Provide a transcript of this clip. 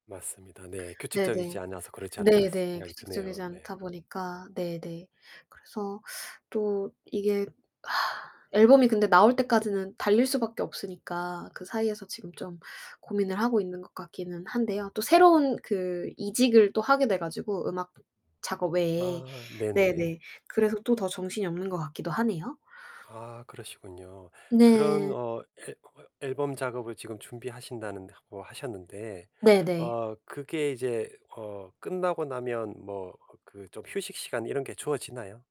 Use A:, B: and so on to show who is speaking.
A: 맞습니다. 네. '규칙적이지
B: 네네.
A: 않아서 그렇지 않을까.' 새
B: 네네.
A: 생각이
B: 규칙적이지
A: 드네요. 네.
B: 않다보니까 네네. 그래서 또 이게 앨범이 근데 나올때까지는 달릴 수 밖에 없으니까 그 사이에서 지금 좀 고민을 하고 있는 것 같기는 한데요 또 새로운 그 이직을 또 하게 되가지고 음악 작업 외에
A: 아, 네, 네.
B: 네네 그래서 또 더 정신이 없는 것 같기도 하네요.
A: 아, 그러시군요. 그런
B: 네.
A: 어 앨 어 앨범 작업을 지금 준비하신다는 하고 하셨는데
B: 네네.
A: 어 그게 이제 어 끝나고 나면 뭐 그 좀 휴식 시간 이런 게 주어지나요?